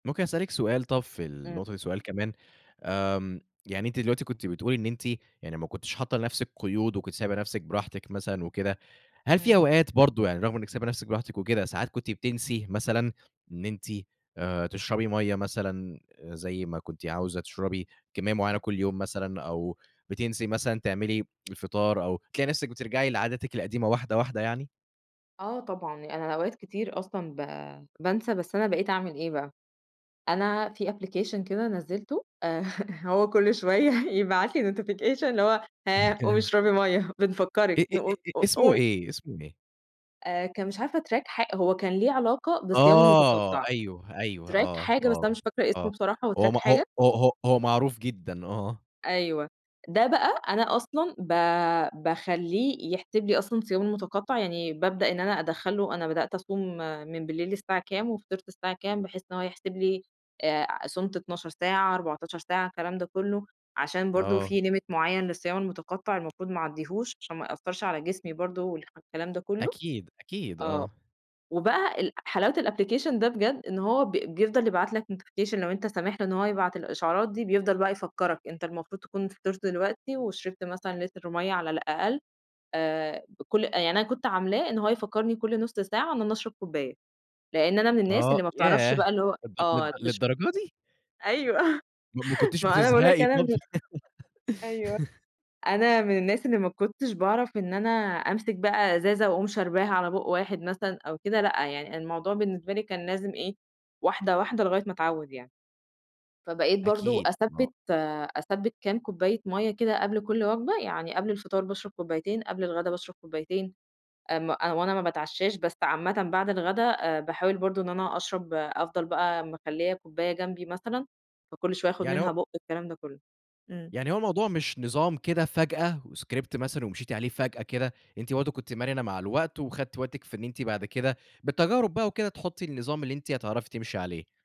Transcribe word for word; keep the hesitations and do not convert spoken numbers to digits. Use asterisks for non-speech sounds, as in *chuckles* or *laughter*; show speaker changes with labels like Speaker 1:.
Speaker 1: ممكن أسألِك سؤال طب في
Speaker 2: إمم.
Speaker 1: النقطة دي سؤال كمان آمم يعني أنتِ دلوقتي كنتِ بتقولي إن أنتِ يعني ما كنتيش حاطة لنفسِك قيود وكنتِ سايبة نفسِك براحتِك مثلًا وكده. هل في
Speaker 2: إمم.
Speaker 1: أوقات برضه يعني، رغم إنِك سايبة نفسِك براحتِك وكده، ساعات كنتِ بتنسي مثلًا إن أنتِ تشربي مَيَّة مثلًا زي ما كنتِ عاوزة تشربي كمية معينة
Speaker 2: إمم.
Speaker 1: كل يوم مثلًا أو بتنسي مثلًا تعملي الفطار أو تلاقي نفسِك بترجعي لعاداتِك القديمة واحدة واحدة يعني؟
Speaker 2: آه طبعًا أنا أوقات كتير أصلًا با بانسى بس أنا بَقيت أعمل إيه بقى، أنا في application كده نزّلته *laughs* هو كل شوية يبعت لي notification اللي هو هاه قُومي
Speaker 1: *chuckles*
Speaker 2: اشربي مَيَّة، بنفكرك
Speaker 1: إ إ إ
Speaker 2: نقو
Speaker 1: إ
Speaker 2: قو
Speaker 1: اسمه
Speaker 2: قوم
Speaker 1: إيه اسمه إيه؟
Speaker 2: آآ كان مش عارفة track حا هو كان ليه علاقة بالصيام
Speaker 1: آه
Speaker 2: المتقطع.
Speaker 1: أيوه، أيوه
Speaker 2: track
Speaker 1: آه،
Speaker 2: حاجة بس
Speaker 1: آه،
Speaker 2: أنا مش فاكرة اسمه
Speaker 1: آه
Speaker 2: بصراحة هو
Speaker 1: هو م
Speaker 2: track
Speaker 1: هو
Speaker 2: حاجة.
Speaker 1: هو هو هو معروف جدًا آه.
Speaker 2: أيوه، ده بقى أنا أصلًا با باخليّه يحسب لي أصلًا الصيام المتقطع، يعني بابدأ إن أنا أدخل له أنا بدأت أصوم من بالليل الساعة كام وفطرت الساعة كام بحيث إن هو يحسب لي أ صُمتُ اتناشر ساعة، اربعتاشر ساعة، الكلام ده كله، عشان برضه
Speaker 1: آه.
Speaker 2: في limit معين للصيام المتقطع المفروض ما اعديهوش عشان ما يأثّرش على جسمي برضه والح والكلام ده كله.
Speaker 1: أكيد، أكيد
Speaker 2: آه.
Speaker 1: آه.
Speaker 2: وبقى ال حلاوة الapplication ده بجد، إن هو ب بيفضل يبعت لك notification لو أنت سامح له إن هو يبعت الإشعارات دي بيفضل بقى يفكرك أنت المفروض تكون فطرت دلوقتي وشربت مثلًا لتر مَيَّة على الأقل آآ بكل يعني أنا كنت عاملاه إن هو يفكرني كل نُص ساعة إن أنا أشرب كوباية، لأن أنا من الناس
Speaker 1: آه
Speaker 2: اللي ما بتعرفش
Speaker 1: ياه!
Speaker 2: بقى اللي هو
Speaker 1: للد للد
Speaker 2: آه تش
Speaker 1: للدرجة دي؟!
Speaker 2: أيوه *laughs*
Speaker 1: ما ما كُنتيش
Speaker 2: ما هو أنا باقول لك
Speaker 1: بتزهقي
Speaker 2: أنا
Speaker 1: طب
Speaker 2: من ال
Speaker 1: في؟
Speaker 2: أيوه
Speaker 1: *laughs*
Speaker 2: أنا من الناس اللي ما كنتش باعرف إن أنا أمسك بقى إزازة وأقوم شرباها على بُق واحد مثلًا أو كده، لأ، يعني الموضوع بالنسبة لي كان لازم إيه واحدة واحدة لغاية ما أتعود يعني. فبقيت برضه
Speaker 1: أكيد آه.
Speaker 2: أثبّت آآ أثبّت كام كوباية مَيَّة كده قبل كل وجبة يعني قبل الفطار باشرب كوبايتين، قبل الغدا باشرب كوبايتين، أم هو أنا ما باتعشاش، بس عامةً بعد الغدا باحاول برضه إن أنا أشرب أفضل بقى مخليّة كوباية جنبي مثلًا فكل شوية آخد
Speaker 1: يعني
Speaker 2: منها
Speaker 1: هو
Speaker 2: بُق والكلام ده كله. إمم.
Speaker 1: يعني هو الموضوع مش نظام كده فجأة وscript مثلًا ومشيتِ عليه فجأة كده. أنتِ برضه كنتِ مرنة مع الوقت وخدتِ وقتِك في إن أنتِ بعد كده، بالتجارب بقى وكده، تحطّي النظام اللي أنتِ هتعرفي تمشي عليه.